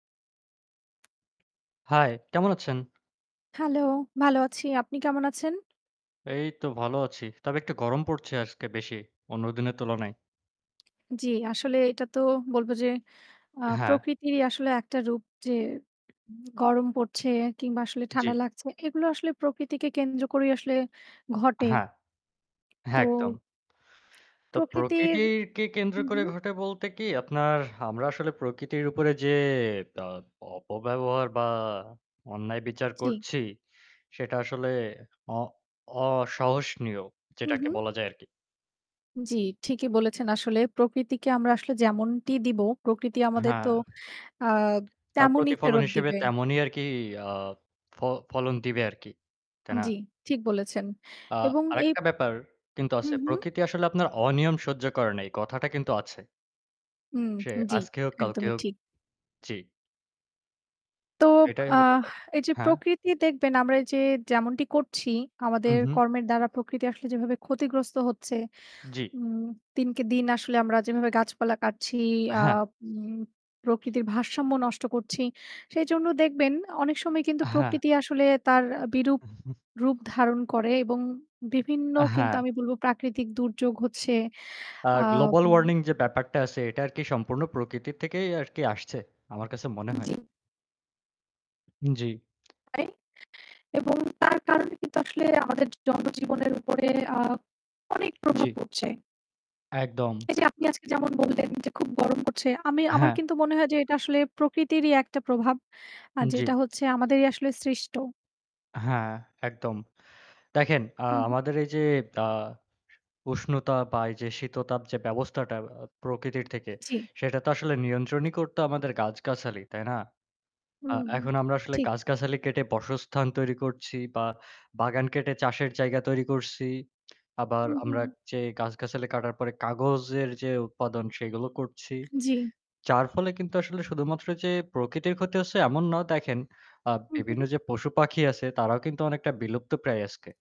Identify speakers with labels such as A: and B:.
A: Hi, কেমন আছেন?
B: Hello! ভালো আছি। আপনি কেমন আছেন?
A: এই তো ভালো আছি। তবে একটু গরম পড়ছে আজকে বেশি, অন্য দিনের তুলনায়।
B: জি, আসলে এটা তো বলব যে, আ
A: হ্যাঁ।
B: প্রকৃতিরই আসলে একটা রূপ যে গরম পড়ছে কিংবা আসলে
A: জি।
B: ঠান্ডা লাগছে। এগুলো আসলে প্রকৃতিকে কেন্দ্র করেই আসলে ঘটে।
A: হ্যাঁ। একদম।
B: তো
A: তো
B: প্রকৃতির
A: প্রকৃতিকে কেন্দ্র
B: হুম,
A: করে
B: হুম।
A: ঘটে বলতে কি আপনার, আমরা আসলে প্রকৃতির উপরে যে আ অপব্যবহার বা অন্যায় বিচার
B: জি।
A: করছি সেটা আসলে অ অসহনীয়
B: হুম,
A: যেটাকে
B: হুম।
A: বলা যায় আরকি।
B: জি, ঠিকই বলেছেন। আসলে প্রকৃতিকে আমরা আসলে যেমনটি দিব প্রকৃতি আমাদের তো
A: হ্যাঁ।
B: আ
A: তার
B: তেমনি
A: প্রতিফলন
B: ফেরত
A: হিসেবে
B: দিবে।
A: তেমনই আরকি, আ ফ ফলন দিবে আরকি। তাই না?
B: জি, ঠিক বলেছেন।
A: আ
B: এবং এই
A: আরেকটা ব্যাপার কিন্তু আছে।
B: হুম, হুম।
A: প্রকৃতি আসলে আপনার অনিয়ম সহ্য করে না, এই কথাটা কিন্তু আছে।
B: হুম,
A: সে
B: জি,
A: আজকে হোক কালকে
B: একদমই
A: হোক।
B: ঠিক।
A: জি।
B: তো,
A: এটাই হলো
B: আহ
A: ব্যাপার।
B: এই যে
A: হ্যাঁ।
B: প্রকৃতি দেখবেন আমরা এই যে যেমনটি করছি
A: উম
B: আমাদের
A: হুম।
B: কর্মের দ্বারা প্রকৃতি আসলে যেভাবে ক্ষতিগ্রস্ত হচ্ছে,
A: জি।
B: উম দিনকে দিন আসলে আমরা যেভাবে গাছপালা কাটছি, আ
A: হ্যাঁ।
B: উম প্রকৃতির ভারসাম্য নষ্ট করছি। সেজন্য দেখবেন অনেক সময় কিন্তু
A: হ্যাঁ।
B: প্রকৃতি আসলে তার বিরূপ রূপ ধারণ করে এবং বিভিন্ন
A: আ
B: কিন্তু
A: হ্যাঁ।
B: আমি বলব প্রাকৃতিক দুর্যোগ হচ্ছে,
A: আ
B: আ
A: গ্লোবাল
B: উম
A: ওয়ার্নিং যে ব্যাপারটা আছে এটা আরকি সম্পূর্ণ প্রকৃতি থেকেই আরকি আসছে, আমার কাছে মনে হয়।
B: জি।
A: উম জি।
B: [unintelligible] এবং তার কারণে কিন্তু আসলে আমাদের জনজীবনের উপরে, আ অনেক প্রভাব
A: জি।
B: পড়ছে।
A: একদম।
B: এই যে আপনি আজকে যেমন বললেন যে খুব গরম পড়ছে। আমি আমার
A: হ্যাঁ।
B: কিন্তু মনে হয় যে এটা আসলে প্রকৃতিরই একটা প্রভাব, আর
A: উম জি।
B: যেটা হচ্ছে আমাদেরই আসলে সৃষ্ট।
A: হ্যাঁ, একদম। দেখেন, আ
B: হুম, হুম।
A: আমাদের এই যে, আ উষ্ণতা বা এই যে শীততাপ যে ব্যবস্থাটা আ প্রকৃতির থেকে
B: জি।
A: সেটা তো আসলে নিয়ন্ত্রণই করতো আমাদের গাছগাছালি, তাই না? আ
B: হুম,
A: এখন আমরা আসলে
B: ঠিক।
A: গাছগাছালি কেটে বাসস্থান তৈরি করছি বা বাগান কেটে চাষের জায়গা তৈরি করছি। আবার
B: হুম, হুম।
A: আমরা যে গাছগাছালি কাটার পরে কাগজের যে উৎপাদন সেগুলো করছি।
B: জি।
A: যার ফলে কিন্তু আসলে শুধুমাত্র যে প্রকৃতির ক্ষতি হচ্ছে এমন না। দেখেন, আ
B: হুম,
A: বিভিন্ন
B: হুম।
A: যে পশুপাখি আছে তারাও কিন্তু অনেকটা বিলুপ্তপ্রায় আজকে।